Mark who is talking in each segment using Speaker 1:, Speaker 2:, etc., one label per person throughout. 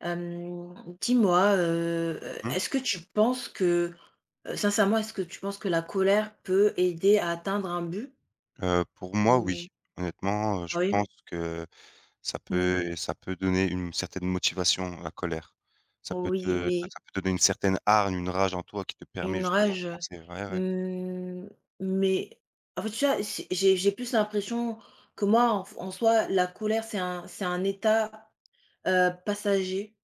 Speaker 1: Hem, dis-moi, heu heu,
Speaker 2: Mmh.
Speaker 1: est-ce que tu penses que, heu, sincèrement, est-ce que tu penses que la colère peut aider à atteindre un but?
Speaker 2: Heu, pour moi oui.
Speaker 1: Ou
Speaker 2: Honnêtement, heu, je
Speaker 1: Oui.
Speaker 2: pense que ça
Speaker 1: Mmh.
Speaker 2: peut ça peut donner une certaine motivation, la colère. Ça peut
Speaker 1: Oui,
Speaker 2: te enfin
Speaker 1: mais
Speaker 2: ça peut donner une certaine hargne, une rage en toi qui te permet
Speaker 1: Une
Speaker 2: justement de
Speaker 1: rage, heu,
Speaker 2: penser ouais, ouais.
Speaker 1: mmh mais en fait tu vois? C'est j'ai j'ai plus l'impression, que moi en f en soi, la colère, c'est un c'est un état, heu, passager,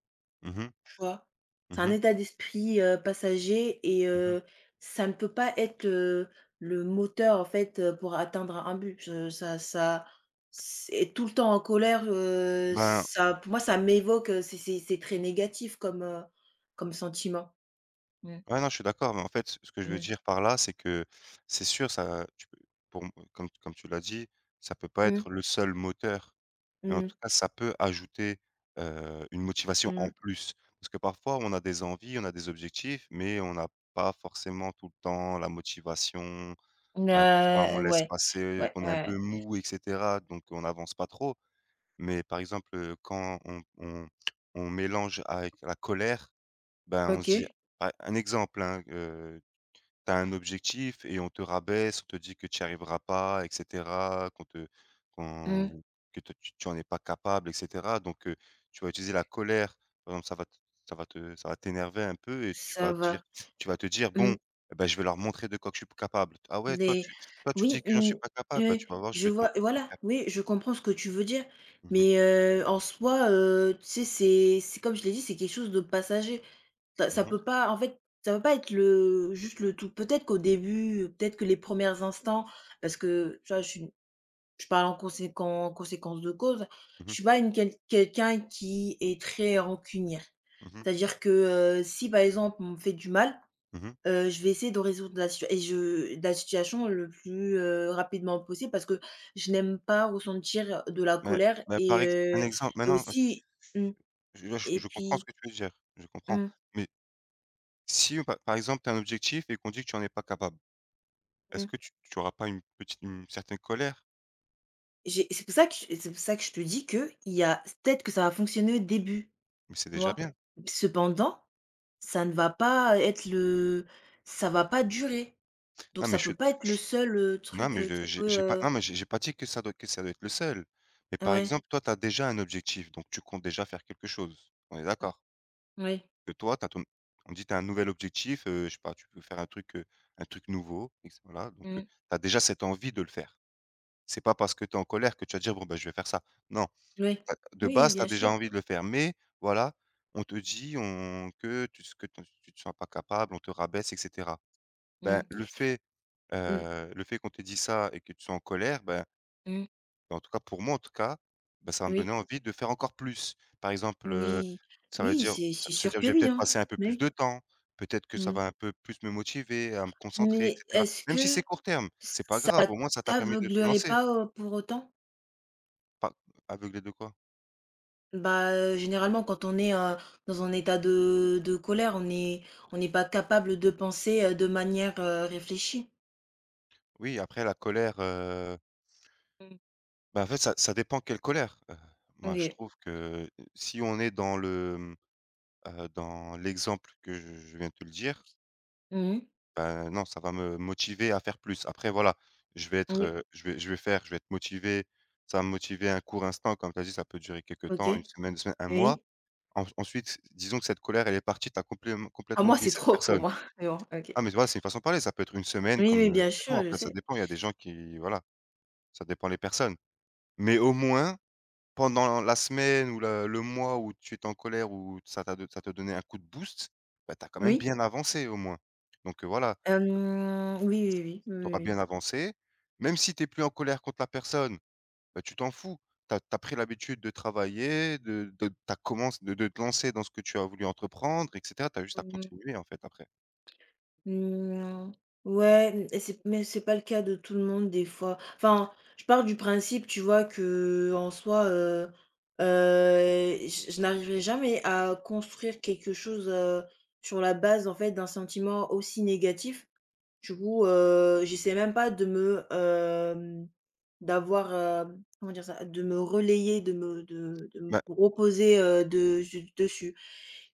Speaker 2: Mmh mh.
Speaker 1: tu vois? C'est
Speaker 2: Mmh
Speaker 1: un
Speaker 2: mh.
Speaker 1: état d'esprit, heu, passager et
Speaker 2: Mmh mh.
Speaker 1: heu, ça ne peut pas être, heu, le moteur en fait pour atteindre un un but. Ça ça s être tout le temps en colère, heu,
Speaker 2: Ben
Speaker 1: ça pour moi, ça m'évoque, heu, c'est c'est c'est très négatif comme, heu, comme sentiment. Mmh.
Speaker 2: Ouais non je suis d'accord, mais en fait, ce que je veux
Speaker 1: Mmh.
Speaker 2: dire par là c'est que, c'est sûr ça tu peux pour me comme comme tu l'as dit: «Ça peut pas
Speaker 1: Mmh.
Speaker 2: être le seul moteur» mais en
Speaker 1: Mmh.
Speaker 2: tout cas ça peut ajouter, heu, une motivation en
Speaker 1: Mmh.
Speaker 2: plus, parce que parfois on a des envies, on a des objectifs, mais on n'a pas forcément tout le temps la motivation.
Speaker 1: Mmh,
Speaker 2: Heu, parfois on
Speaker 1: heu,
Speaker 2: laisse
Speaker 1: ouais.
Speaker 2: passer,
Speaker 1: Ouais,
Speaker 2: qu'on est
Speaker 1: ouais,
Speaker 2: un peu
Speaker 1: ouais.
Speaker 2: mou et cetera donc on n'avance pas trop, mais par exemple, heu, quand on on on mélange avec la colère, ben on se dit
Speaker 1: OK.
Speaker 2: à un exemple hein, heu, tu as un objectif et on te rabaisse, on te dit que tu y arrivera pas et cetera, qu'on te
Speaker 1: Mmh.
Speaker 2: qu'on que toi tu tu en est pas capable et cetera donc heu, tu vas utiliser la colère, par exemple ça va t ça va te ça va t'énerver un peu et tu
Speaker 1: Ça
Speaker 2: vas dire
Speaker 1: va
Speaker 2: tu vas te dire: «Bon
Speaker 1: mmh.
Speaker 2: et ben je vais leur montrer de quoi que je suis p capable. Ah ouais toi
Speaker 1: Des
Speaker 2: tu toi tu
Speaker 1: oui,
Speaker 2: dis que j'en
Speaker 1: mmh.
Speaker 2: suis pas capable? Bah,
Speaker 1: Heu,
Speaker 2: tu vas voir je
Speaker 1: je
Speaker 2: vais te
Speaker 1: vois
Speaker 2: montrer le
Speaker 1: voilà,
Speaker 2: contraire».
Speaker 1: oui, je comprends ce que tu veux dire,
Speaker 2: Mmh mh.
Speaker 1: mais heu, en soi, heu, tu sais? C'est c'est comme je l'ai dit, c'est quelque chose de passager. Ça ça
Speaker 2: Mmh mh.
Speaker 1: peut pas en fait, ça peut pas être le juste le tout. Peut-être qu'au début, heu, peut-être que les 1res instants parce que, tu vois? Je suis une je parle en conséquen en conséquence de cause.
Speaker 2: Mmh
Speaker 1: Je
Speaker 2: mh.
Speaker 1: suis pas une quel quelqu'un qui est très rancunière.
Speaker 2: Mmh mh.
Speaker 1: C'est-à-dire que, heu, si par exemple, on me fait du mal,
Speaker 2: Mmh mh.
Speaker 1: heu, je vais essayer de résoudre la situa et je la situation le plus, heu, rapidement possible parce que je n'aime pas ressentir de la
Speaker 2: Mais
Speaker 1: colère
Speaker 2: mais
Speaker 1: et
Speaker 2: par ex un
Speaker 1: heu,
Speaker 2: exemple mais
Speaker 1: et
Speaker 2: non, heu, s
Speaker 1: aussi mmh
Speaker 2: je, heu,
Speaker 1: et
Speaker 2: je comprends ce
Speaker 1: puis
Speaker 2: que tu veux dire. Je comprends,
Speaker 1: Mmh.
Speaker 2: mais si on pa par exemple tu as un objectif et qu'on dit que tu en es pas capable. Est-ce
Speaker 1: Mmh.
Speaker 2: que tu tu auras pas une petite une certaine colère?
Speaker 1: J'ai c'est pour ça que et c'est pour ça que je te dis qu'il y a c peut-être que ça va fonctionner au début,
Speaker 2: Mais c'est
Speaker 1: tu
Speaker 2: déjà
Speaker 1: vois?
Speaker 2: bien.
Speaker 1: Cependant, ça ne va pas ê être le ça va pas durer, donc
Speaker 2: Non mais
Speaker 1: ça
Speaker 2: je suis
Speaker 1: peut
Speaker 2: ch
Speaker 1: pas être le seul, heu,
Speaker 2: non
Speaker 1: truc,
Speaker 2: mais
Speaker 1: heu, qui
Speaker 2: je j'ai
Speaker 1: peut,
Speaker 2: j'ai pas
Speaker 1: heu
Speaker 2: non mais j'ai j'ai pas dit que ça doit que ça doit être le seul, mais par
Speaker 1: Ouais.
Speaker 2: exemple toi, tu as déjà un objectif donc tu comptes déjà faire quelque chose, on est
Speaker 1: Mmh.
Speaker 2: d'accord?
Speaker 1: Oui.
Speaker 2: Que toi tu as ton n on dit tu as un nouvel objectif, heu, je sais pas tu peux faire un truc, heu, un truc nouveau et que c voila donc
Speaker 1: Mmh
Speaker 2: heu,
Speaker 1: mh.
Speaker 2: tu as déjà cette envie de le faire. C'est pas parce que tu es en colère que tu vas dire: «Bon ben je vais faire ça». Non,
Speaker 1: Oui.
Speaker 2: tu as de
Speaker 1: Oui,
Speaker 2: base tu as
Speaker 1: bien
Speaker 2: déjà
Speaker 1: sûr!
Speaker 2: envie de le faire, mais voilà, on te dit on que tu s que t'en s tu sera pas capable, on te rabaisse et cetera. Ben
Speaker 1: Mmh.
Speaker 2: le fait,
Speaker 1: Mmh.
Speaker 2: heu, le fait qu'on te dit ça et que tu sois en colère, ben
Speaker 1: Mmh.
Speaker 2: ben en tout cas, pour moi en tout cas, ben ça va me donner
Speaker 1: Oui.
Speaker 2: envie de faire encore plus. Par exemple, heu,
Speaker 1: Oui.
Speaker 2: ça veut
Speaker 1: Oui,
Speaker 2: dire
Speaker 1: c'est
Speaker 2: ça
Speaker 1: c'est
Speaker 2: ça veut
Speaker 1: sûr
Speaker 2: dire que
Speaker 1: que
Speaker 2: je vais
Speaker 1: oui
Speaker 2: peut-être
Speaker 1: hein,
Speaker 2: passer un peu plus
Speaker 1: mais
Speaker 2: de temps, peut-être que ça
Speaker 1: Mmh.
Speaker 2: va un peu plus me motiver, à me concentrer et
Speaker 1: Mais,
Speaker 2: cetera.
Speaker 1: est-ce
Speaker 2: Même si
Speaker 1: que
Speaker 2: c'est court terme,
Speaker 1: ç
Speaker 2: c'est pas
Speaker 1: ça
Speaker 2: grave au moins, ça t'a permis de te
Speaker 1: t'aveuglerait
Speaker 2: lancer
Speaker 1: pas, heu, pour autant?
Speaker 2: Pas aveuglé de quoi?
Speaker 1: Bah, heu, généralement quand on est, heu, dans un état de de colère, on est on est pas capable de penser, heu, de manière, heu, réfléchie.
Speaker 2: Oui, après la colère, heu
Speaker 1: Mmh.
Speaker 2: bah, en fait, ça ça dépend quelle colère, heu, moi, je
Speaker 1: OK.
Speaker 2: trouve que si on est dans le, mmh, heu, dans l'exemple que je je viens de le dire
Speaker 1: Mmh mh.
Speaker 2: bah non, ça va me motiver à faire plus. Après, voilà, je vais être,
Speaker 1: Oui.
Speaker 2: heu, je vais je vais faire, je vais être motivé, ça va me motiver un court instant comme tu as dit, ça peut durer quelque temps, 1
Speaker 1: OK.
Speaker 2: semaine, 2 semaines, 1 mois.
Speaker 1: Oui.
Speaker 2: Ens ensuite, disons que cette colère, elle est partie, tu as complèment
Speaker 1: Ah
Speaker 2: complètement
Speaker 1: moi,
Speaker 2: oublié
Speaker 1: c'est
Speaker 2: cette
Speaker 1: trop pour
Speaker 2: personne.
Speaker 1: moi, mais bon. OK.
Speaker 2: Ah, mais tu vois, c'est une façon de parler, ça peut être 1 semaine
Speaker 1: Oui,
Speaker 2: comme,
Speaker 1: oui,
Speaker 2: heu,
Speaker 1: bien
Speaker 2: des mois,
Speaker 1: sûr. Je
Speaker 2: après, ça
Speaker 1: sais.
Speaker 2: dépend il y a des gens qui voilà, ça dépend les personnes, mais, au moins, pendant la semaine ou la le mois où tu étais en colère où ça t'a do ça te donnait un coup de boost, bah, tu as quand même
Speaker 1: Oui.
Speaker 2: bien avancé au moins donc heu, voilà. S
Speaker 1: Hem. Oui, oui, oui, oui,
Speaker 2: tu
Speaker 1: oui,
Speaker 2: auras
Speaker 1: oui.
Speaker 2: bien avancé! Même si tu es plus en colère contre la personne, bah, tu t'en fous! Tu as tu as pris l'habitude de travailler, de de tu as commenc de de te lancer dans ce que tu as voulu entreprendre et cetera. Tu as juste à
Speaker 1: Mmh mh.
Speaker 2: continuer, en fait, après.
Speaker 1: Mmh. Ouais, m et c'est mais c'est pas le cas de tout le monde des fois, enfin, je pars du principe, tu vois, qu'en soi, heu heu et j je n'arriverai jamais, à construire quelque chose, heu, sur la base, en fait, d'un sentiment aussi négatif, du coup, heu, j'essaie même pas de me, hem d'avoir, hem comment dire ça? De me relayer, de me de de me
Speaker 2: Mais
Speaker 1: reposer, heu, de zu dessus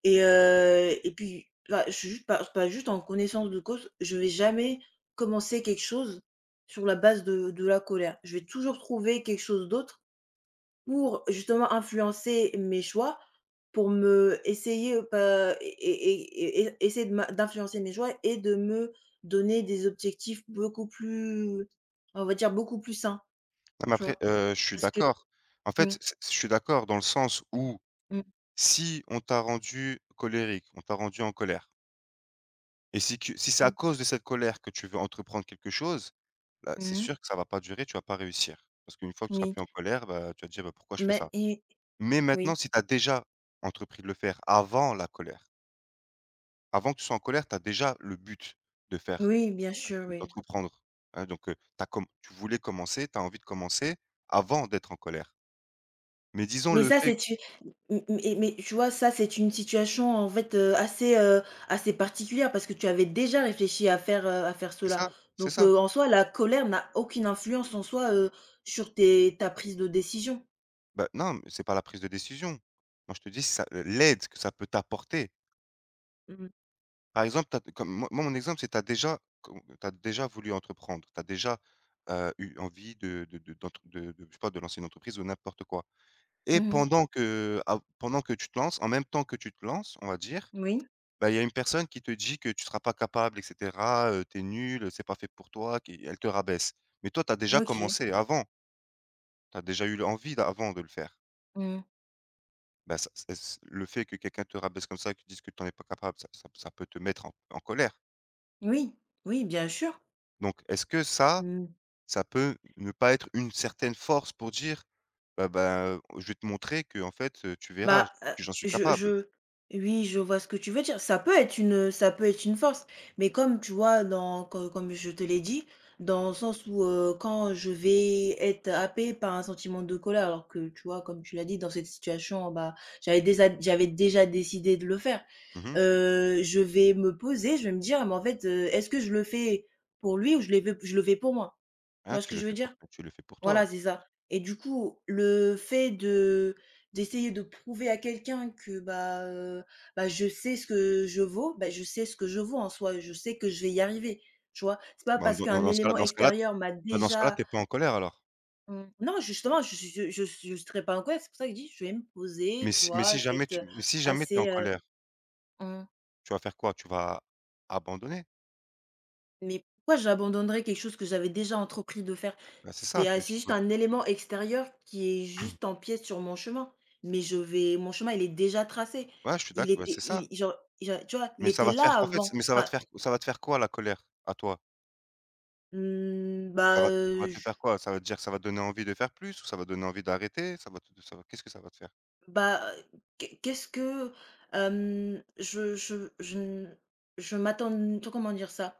Speaker 1: et heu et puis, là, j je suis jus pas pas juste en connaissance de cause. Je vais jamais commencer quelque chose, sur la base de de la colère. Je vais toujours trouver quelque chose d'autre, pour, justement, influencer mes choix, pour me essayer, heu, pas é é é é essayer de m'in d'influencer mes choix et de me donner des objectifs beaucoup plus on va dire, beaucoup plus sains,
Speaker 2: Ouais, mais
Speaker 1: tu
Speaker 2: après,
Speaker 1: vois?
Speaker 2: heu, je suis
Speaker 1: Parce que
Speaker 2: d'accord, en
Speaker 1: mmh.
Speaker 2: fait, je s je suis d'accord dans le sens où,
Speaker 1: Mmh.
Speaker 2: si on t'a rendue colérique, on t'a rendue en colère et si tu si c'est à
Speaker 1: Mmh.
Speaker 2: cause de cette colère que tu veux entreprendre quelque chose, bah,
Speaker 1: Mmh
Speaker 2: c'est
Speaker 1: mh.
Speaker 2: sûr que ça va pas durer, tu vas pas réussir parce qu'une fois que tu seras
Speaker 1: Mi
Speaker 2: plus en colère, bah, tu vas te dire, heu: «Pourquoi je fais
Speaker 1: Mais
Speaker 2: ça?»
Speaker 1: i
Speaker 2: mais maintenant
Speaker 1: oui.
Speaker 2: si tu as déjà entrepris de le faire avant la colère Avant que tu sois en colère, tu as déjà le but de faire
Speaker 1: Oui, bien sûr, oui.
Speaker 2: d'entreprendre hein donc heu, tu as com tu voulais commencer, tu as envie de commencer avant d'être en colère mais disons
Speaker 1: Mais
Speaker 2: le
Speaker 1: ça,
Speaker 2: fait
Speaker 1: c'est t m m et mais tu vois? Ça, c'est une situation en fait, heu, assez, heu, assez particulière parce que tu avais déjà réfléchi à faire, heu, à faire
Speaker 2: C'est
Speaker 1: cela
Speaker 2: ça, c'est
Speaker 1: donc
Speaker 2: ça.
Speaker 1: heu, en soi, la colère n'a aucune influence en soi, heu, sur tes ta prise de décision.
Speaker 2: Ben non mais c'est pas la prise de décision. Moi je te dis ça l l'aide que ça peut t'apporter
Speaker 1: Mmh mh.
Speaker 2: par exemple, tu as comme m moi, mon exemple, c'est tu as déjà com tu as déjà voulu entreprendre, tu as déjà, heu, eu envie de de de d'ent de je sais pas, de lancer une entreprise ou n'importe quoi et
Speaker 1: Mmh mh.
Speaker 2: pendant qu'av pendant que tu te lances en même temps que tu te lances on va dire,
Speaker 1: Moui.
Speaker 2: bah il y a une personne qui te dit que tu seras pas capable et cetera, heu, tu es nul, c'est pas fait pour toi qui elle te rabaisse mais toi tu as déjà
Speaker 1: OK.
Speaker 2: commencé avant tu as déjà eu l'envie avant de le faire
Speaker 1: Mmh mh.
Speaker 2: bah ça s et c le fait que quelqu'un te rabaisse, comme ça, et te dise que tu en es pas capable. Ça ça ça peut te mettre en en colère?
Speaker 1: Oui, oui, bien sûr.
Speaker 2: Donc, est-ce que ça
Speaker 1: Mmh.
Speaker 2: ça peut ne pas être une certaine force pour dire: «Ah, ben, heu, je vais te montrer qu'en fait, heu, tu verras,
Speaker 1: Bah,
Speaker 2: j
Speaker 1: heu,
Speaker 2: que j'en suis
Speaker 1: je
Speaker 2: capable».
Speaker 1: je oui, je vois ce que tu veux dire, ça peut être une, heu, ça peut être une force mais comme tu vois? Dans co comme je te l'ai dit, dans le sens où, heu, quand je vais être happé par un sentiment de colère alors que, tu vois? Comme tu l'as dit, dans cette situation, bah, j'avais déza j'avais déjà décidé de le faire,
Speaker 2: Mmh mh.
Speaker 1: heu, je vais me poser, je vais me dire: «Mais, en fait, heu, est-ce que je le fais pour lui ou je le v je le fais pour moi», tu
Speaker 2: Hein,
Speaker 1: vois ce
Speaker 2: tu
Speaker 1: que
Speaker 2: le
Speaker 1: je veux
Speaker 2: fais
Speaker 1: dire?
Speaker 2: pour tu le fais pour toi.
Speaker 1: Voilà, c'est ça et du coup, le fait de d'essayer de prouver à quelqu'un que, bah, heu, bah, je sais ce que je vaux, ben, je sais ce que je vaux en soi, je sais que je vais y arriver, tu vois? C'est pas
Speaker 2: Bah,
Speaker 1: parce
Speaker 2: dans dans
Speaker 1: qu'un
Speaker 2: dans ce cas-là
Speaker 1: élément
Speaker 2: dans ce cas-là, t
Speaker 1: extérieur m'a
Speaker 2: bah, dans ce cas-là,
Speaker 1: déjà
Speaker 2: tu es pas en colère alors.
Speaker 1: Mmh. Non, justement, je s je je je serais pas en colère, c'est pour ça que je dis: «Je vais me poser»,
Speaker 2: Mais
Speaker 1: tu
Speaker 2: s mais
Speaker 1: vois?
Speaker 2: si
Speaker 1: Je vais
Speaker 2: jamais
Speaker 1: être,
Speaker 2: tu
Speaker 1: heu,
Speaker 2: mais si jamais tu es en
Speaker 1: assez, heu
Speaker 2: colère
Speaker 1: mmh.
Speaker 2: tu vas faire quoi, tu vas abandonner?
Speaker 1: Mais pourquoi j'abandonnerais quelque chose que j'avais déjà entrepris de faire?
Speaker 2: Bah, c'est ça
Speaker 1: C'était ah,
Speaker 2: que je
Speaker 1: c'est
Speaker 2: te
Speaker 1: juste
Speaker 2: pose.
Speaker 1: un élément extérieur qui est juste empiète sur mon chemin. Mais je vais mon chemin il est déjà tracé,
Speaker 2: Voilà, je suis d'ac
Speaker 1: il
Speaker 2: bah,
Speaker 1: était
Speaker 2: c'est
Speaker 1: i
Speaker 2: ça!
Speaker 1: il genre genre, tu vois? Il
Speaker 2: Mais ça
Speaker 1: était
Speaker 2: va te
Speaker 1: là
Speaker 2: faire en fait,
Speaker 1: avant.
Speaker 2: mais ça va
Speaker 1: Enfin
Speaker 2: te faire ça va te faire quoi la colère, à toi?
Speaker 1: Mmh bah,
Speaker 2: Ça va ça va
Speaker 1: heu,
Speaker 2: te faire
Speaker 1: j
Speaker 2: quoi? Ça veut dire que ça va donner envie de faire plus? Ou ça va donner envie d'arrêter? Ça va te ça va qu'est-ce que ça va te faire?
Speaker 1: Bah, heu, qu'est qu'est-ce que, hem, je je je n je m'attends n tout, comment dire ça?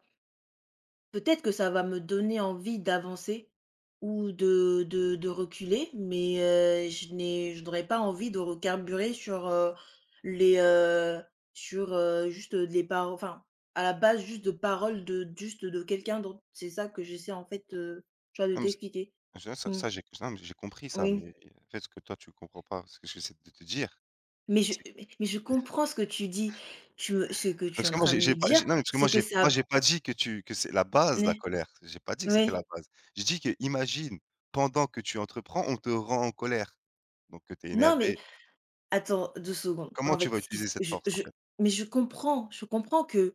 Speaker 1: Peut-être que ça va me donner envie d'avancer, ou de de de reculer, mais heu, je n'ai je n'aurais pas envie de recarburer sur, heu, les, heu, sur, heu juste, heu, de les par enfin à la base, juste de paroles de d juste de quelqu'un d'autre. C'est ça que j'essaie en fait, heu, tu vois, de
Speaker 2: Non mais ç
Speaker 1: t'expliquer.
Speaker 2: mais tu vois, ça
Speaker 1: Mmh.
Speaker 2: ça, j'ai non, mais j'ai j'ai compris ça,
Speaker 1: Oui.
Speaker 2: mais heu, en fait ce que toi tu comprends pas, ce que j'essaie de te dire,
Speaker 1: Mais je
Speaker 2: c'est q
Speaker 1: mais mais je comprends ce que tu dis. Tu me ce que tu es
Speaker 2: parce
Speaker 1: en
Speaker 2: que moi
Speaker 1: train de
Speaker 2: j'ai
Speaker 1: me
Speaker 2: j'ai pas
Speaker 1: dire,
Speaker 2: j'ai non mais parce que
Speaker 1: c'est
Speaker 2: moi
Speaker 1: que
Speaker 2: j'ai
Speaker 1: ça
Speaker 2: moi
Speaker 1: b
Speaker 2: j'ai pas dit que tu que c'est la
Speaker 1: N
Speaker 2: base, la
Speaker 1: eh.
Speaker 2: colère, j'ai pas dit que c'était
Speaker 1: oui.
Speaker 2: la base, j'ai dit que: imagine, pendant que tu entreprends, on te rend en colère donc que tu es
Speaker 1: Non mais,
Speaker 2: énervée.
Speaker 1: attends 2 secondes.
Speaker 2: Comment
Speaker 1: En
Speaker 2: tu
Speaker 1: fait,
Speaker 2: vas
Speaker 1: ce qui s
Speaker 2: utiliser cette
Speaker 1: je
Speaker 2: force, en
Speaker 1: je
Speaker 2: fait?
Speaker 1: mais je comprends je comprends que,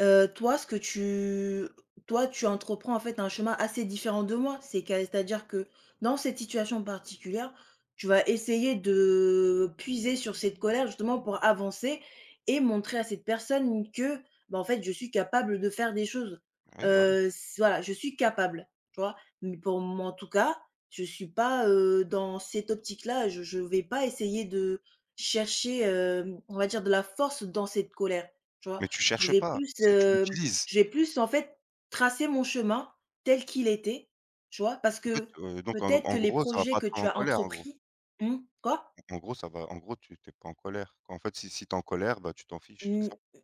Speaker 1: heu, toi ce que tu toi tu entreprends en fait un chemin assez différent de moi, c'est qu'à c'est-à-dire que, dans cette situation particulière, tu vas essayer de puiser sur cette colère justement pour avancer et montrer à cette personne que, bah en fait, je suis capable de faire des choses.
Speaker 2: Oui, voilà.
Speaker 1: Heu, c voilà, je suis capable, tu vois? Mais pour moi, en tout cas, je suis pas, heu, dans cette optique-là, je je vais pas essayer de chercher, hem, on va dire, de la force dans cette colère. Tu vois?
Speaker 2: Mais tu
Speaker 1: Je
Speaker 2: cherches
Speaker 1: vais
Speaker 2: pas,
Speaker 1: plus,
Speaker 2: c'est tu
Speaker 1: hem,
Speaker 2: l'utilises.
Speaker 1: je vais plus en fait tracer mon chemin, tel qu'il était, tu vois? Parce
Speaker 2: En fait,
Speaker 1: que,
Speaker 2: heu, donc en
Speaker 1: peut-être que
Speaker 2: en
Speaker 1: les
Speaker 2: gros ça va
Speaker 1: projets
Speaker 2: pas
Speaker 1: que
Speaker 2: te
Speaker 1: tu
Speaker 2: rendre en
Speaker 1: as
Speaker 2: colère, en gros?
Speaker 1: entrepris mmh, quoi?
Speaker 2: Donc en gros ça va en gros tu tu es pas en colère, quand en fait si si tu es en colère, bah, tu t'en fiches, c'est
Speaker 1: Mmh,
Speaker 2: ça?
Speaker 1: m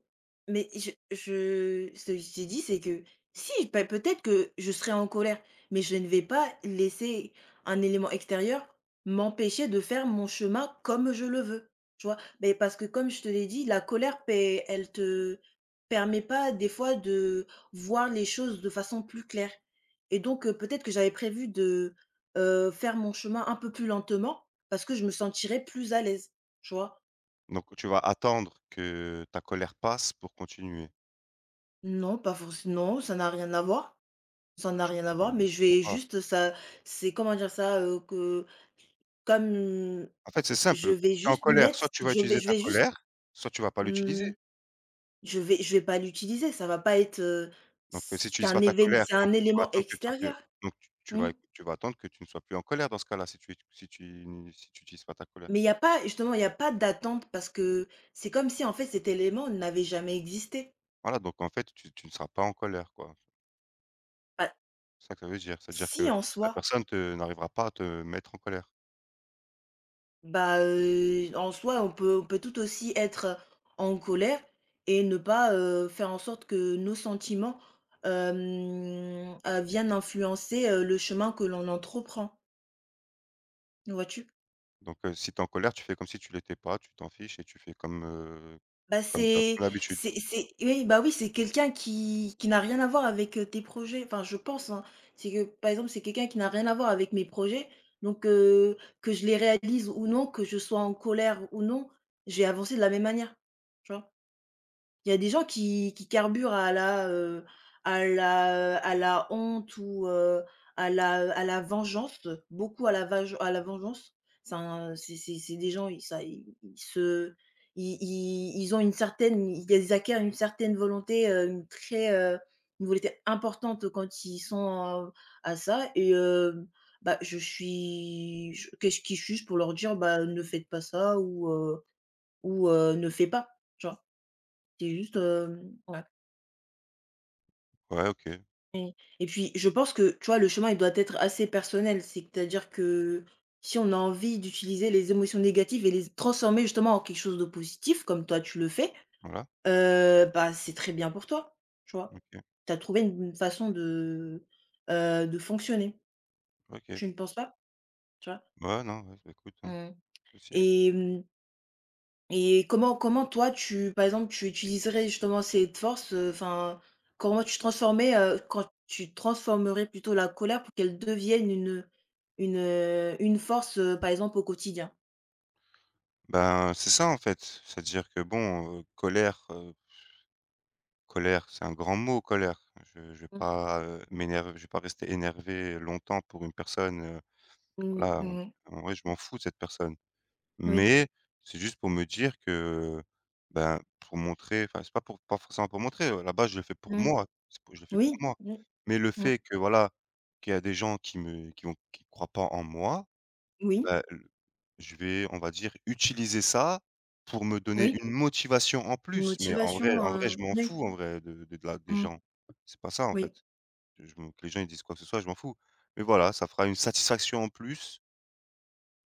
Speaker 1: mais je je ce que je t'ai dit, c'est que, si! Bah, peut-être que je serais en colère, mais je ne vais pas laisser un élément extérieur m'empêcher de faire mon chemin comme je le veux, tu vois? Mais parce que comme je te l'ai dit, la colère p eh, elle te permet pas des fois de voir les choses de façon plus claire et donc heu, peut-être que j'avais prévu de, heu, faire mon chemin un peu plus lentement parce que je me sentirais plus à l'aise, tu vois?
Speaker 2: Donc, tu vas attendre que ta colère passe pour continuer.
Speaker 1: Non, pas forcé non, ça n'a rien à voir, ça n'a
Speaker 2: Je
Speaker 1: rien à
Speaker 2: comprends
Speaker 1: voir, mais
Speaker 2: je
Speaker 1: je vais
Speaker 2: comprends pas.
Speaker 1: juste ça c'est comment dire ça? Heu, que comme
Speaker 2: En fait, c'est
Speaker 1: je
Speaker 2: simple,
Speaker 1: vais
Speaker 2: tu es en
Speaker 1: juste
Speaker 2: colère,
Speaker 1: mettre
Speaker 2: soit tu vas
Speaker 1: je vais
Speaker 2: utiliser
Speaker 1: je
Speaker 2: ta
Speaker 1: vais juste,
Speaker 2: colère, soit tu vas pas
Speaker 1: mmh
Speaker 2: l'utiliser!
Speaker 1: je vais je vais pas l'utiliser. Ça va pas être, heu
Speaker 2: Donc si tu
Speaker 1: c'est
Speaker 2: utilises pas
Speaker 1: un
Speaker 2: ta
Speaker 1: évén
Speaker 2: colère
Speaker 1: c'est
Speaker 2: donc
Speaker 1: un
Speaker 2: tu vas
Speaker 1: élément
Speaker 2: attendre qu'une fois que
Speaker 1: extérieur.
Speaker 2: donc t tu
Speaker 1: Mmh.
Speaker 2: vas tu vas attendre que tu ne sois plus en colère, dans ce cas-là, si tu es si tu n' si tu utilises pas ta colère.
Speaker 1: Mais il y a pas, justement il y a pas d'attente parce que c'est comme si, en fait, cet élément n'avait jamais existé.
Speaker 2: Voilà, donc en fait, tu tu ne seras pas en colère, quoi.
Speaker 1: Heu
Speaker 2: C'est ça que ça veut dire, ça veut dire
Speaker 1: Si,
Speaker 2: que
Speaker 1: en
Speaker 2: la
Speaker 1: soi.
Speaker 2: personne te n'arrivera pas à te mettre en colère.
Speaker 1: Bah heu et en soi, on peut on peut tout aussi être en colère et ne pas, heu, faire en sorte que nos sentiments, hem heu, viennent influencer, heu, le chemin que l'on entreprend. Vois-tu?
Speaker 2: Donc heu, si tu es en colère, tu fais comme si tu l'étais pas, tu t'en fiches, et tu fais comme, heu,
Speaker 1: Bah,
Speaker 2: comme tu as pris
Speaker 1: c'est
Speaker 2: l'habitude.
Speaker 1: c'est c'est oui, bah oui! C'est quelqu'un qui qui n'a rien à voir avec, heu, tes projets. Enfin, je pense, hein. C'est que par exemple, c'est quelqu'un qui n'a rien à voir avec mes projets, donc heu, que je les réalise ou non, que je sois en colère ou non, je vais avancer de la même manière, tu vois? Il y a des gens qui qui carburent à la, heu à la, heu à la honte ou heu, à la, heu à la vengeance, beaucoup à la vage à la vengeance. Ça un c'est c'est c'est des gens ils ça, ils se i i ils ont une certaine ils acquièrent une certaine volonté, hem, très, heu une volonté importante, quand ils sont à heu à ça et hem bah, je suis je qu'est-ce qui suis-je pour leur dire: «Bah ne faites pas ça ou heu ou heu, ne fais pas». Tu vois? C'est juste, hem ouais.
Speaker 2: Ouais, OK.
Speaker 1: Oui. Et puis je pense que, tu vois, le chemin, il doit être assez personnel, c'est-à-dire que, si on a envie d'utiliser les émotions négatives et les z transformer justement en quelque chose de positif comme toi tu le fais,
Speaker 2: Voilà.
Speaker 1: heu, bah, c'est très bien pour toi, tu vois?
Speaker 2: OK.
Speaker 1: Tu as trouvé une façon de, heu, de fonctionner.
Speaker 2: OK.
Speaker 1: Tu ne penses pas? Tu vois?
Speaker 2: Ouais, non. Ouais, c'est écoute, heu,
Speaker 1: Mmh.
Speaker 2: possible.
Speaker 1: Et mmh et comment comment toi tu, par exemple, tu utiliserais justement cette force, heu, enfin, comment tu transformais, heu quand tu transformerais, plutôt, la colère, pour qu'elle devienne une, heu, une, heu, une force, heu, par exemple au quotidien?
Speaker 2: Ben, c'est ça en fait, c'est-à-dire que, bon, heu, colère, heu pff, colère, c'est un grand mot, colère, je je vais
Speaker 1: Mmh.
Speaker 2: pas, heu, m'énerv je vais pas rester énervé longtemps pour une personne, heu,
Speaker 1: Mmh
Speaker 2: voilà,
Speaker 1: mh.
Speaker 2: en
Speaker 1: Mmh mh.
Speaker 2: en vrai, je m'en fous de cette personne.
Speaker 1: Oui.
Speaker 2: Mais c'est juste pour me dire que, ben, pour montrer enfin c'est pas pour pas forcément pour montrer à la base, je le fais pour
Speaker 1: Mmh.
Speaker 2: moi, c'est pou je le fais pour
Speaker 1: Oui,
Speaker 2: moi,
Speaker 1: mmh
Speaker 2: mais le
Speaker 1: mh, mmh.
Speaker 2: fait que voilà, qu'il y a des gens qui me qui vont qui croient pas en moi,
Speaker 1: Oui.
Speaker 2: ben, heu, je vais, on va dire, utiliser ça, pour me donner
Speaker 1: Oui.
Speaker 2: une motivation en plus. Mais, en vrai,
Speaker 1: Motivation,
Speaker 2: en vrai, je
Speaker 1: heu,
Speaker 2: m'en
Speaker 1: oui.
Speaker 2: fous, en vrai, de de de la des
Speaker 1: Mmh.
Speaker 2: gens, c'est pas ça, en fait,
Speaker 1: Oui.
Speaker 2: que je me que les gens, ils disent quoi que ce soit je m'en fous, mais voilà ça fera une satisfaction en plus.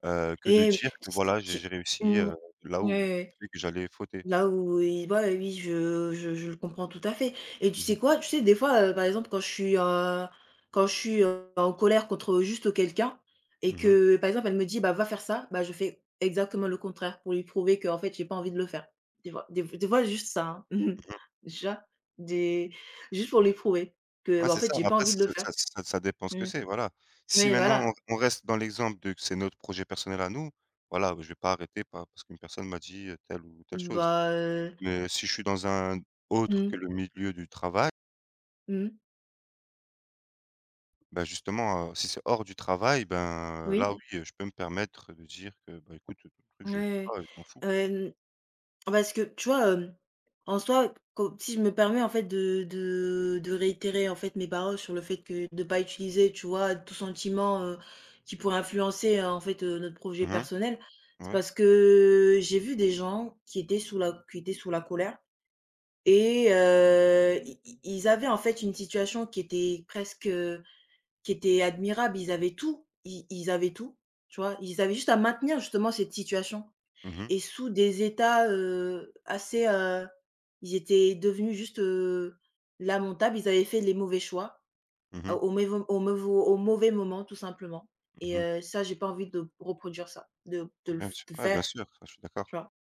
Speaker 2: Heu, que de
Speaker 1: Et oui,
Speaker 2: dire que, voilà, j'ai j'ai
Speaker 1: ç j'ai
Speaker 2: réussi,
Speaker 1: mmh,
Speaker 2: heu, là
Speaker 1: ouais,
Speaker 2: où
Speaker 1: ouais.
Speaker 2: j'ai vu que j'allais fauter.
Speaker 1: Là où il voit oui, je je je le comprends tout à fait, et tu
Speaker 2: Mmh mh.
Speaker 1: sais quoi? Tu sais, des fois, heu, par exemple, quand je suis, heu, quand je suis, heu, ben, en colère contre, heu, juste quelqu'un, et
Speaker 2: Mmh
Speaker 1: que,
Speaker 2: mh.
Speaker 1: heu, par exemple, elle me dit: «Bah, va faire ça», bah, je fais exactement le contraire, pour lui prouver qu'en fait, j'ai pas envie de le faire. Des fois des f des fois, juste ça, hein.
Speaker 2: Mmh mh.
Speaker 1: Déjà, des juste pour lui prouver que,
Speaker 2: Ouais
Speaker 1: bah, en
Speaker 2: c'est ça.
Speaker 1: fait, j'ai
Speaker 2: Mais
Speaker 1: pas
Speaker 2: après ç
Speaker 1: envie de
Speaker 2: ç
Speaker 1: le faire.
Speaker 2: ça ç ça ça dépend ce
Speaker 1: Mmh.
Speaker 2: que
Speaker 1: N
Speaker 2: c'est, voilà. Si
Speaker 1: oui,
Speaker 2: maintenant
Speaker 1: voilà!
Speaker 2: on on reste dans l'exemple de c'est notre projet personnel à nous, voilà, bah, je vais pas arrêter pa parce qu'une personne m'a dit, heu, telle ou telle chose,
Speaker 1: Bah heu
Speaker 2: mais si je suis dans un autre
Speaker 1: Mmh.
Speaker 2: que le milieu du travail.
Speaker 1: Mmh mh.
Speaker 2: Ben, justement, heu, si c'est hors du travail, ben, heu
Speaker 1: Oui.
Speaker 2: là, oui, heu, je peux me permettre de dire que: «Bah, écoute, le truc, je le fais
Speaker 1: Mouais,
Speaker 2: pas, et je m'en fous».
Speaker 1: ouais. Heu, n parce que tu vois? Hem, en soi, co si je me permets, en fait, de de de réitérer, en fait, mes paroles sur le fait que de pas utiliser, tu vois, tout sentiment, heu, qui pourrait influencer, en fait, heu, notre projet
Speaker 2: Mmh mh,
Speaker 1: personnel, c'est
Speaker 2: ouais.
Speaker 1: parce que j'ai vu des gens qui étaient sous la qui étaient sous la colère, et heu, i i ils avaient, en fait, une situation qui était presque, heu, qui était admirable. Ils avaient tout, i ils avaient tout, tu vois? Ils avaient juste à maintenir, justement, cette situation,
Speaker 2: Mmh mh.
Speaker 1: et sous des états, heu, assez, heu, ils étaient devenus juste, heu, lamentables. Ils avaient fait les mauvais choix,
Speaker 2: Mmh
Speaker 1: ah
Speaker 2: mh.
Speaker 1: au maivau au mais vau au mauvais moment, tout simplement,
Speaker 2: Mmh
Speaker 1: et
Speaker 2: mh.
Speaker 1: heu, ça, j'ai pas envie de reproduire ça, de de le
Speaker 2: Bien
Speaker 1: f
Speaker 2: sûr,
Speaker 1: de
Speaker 2: ouais,
Speaker 1: faire,
Speaker 2: bien sûr, ça, je suis d'accord.
Speaker 1: tu vois?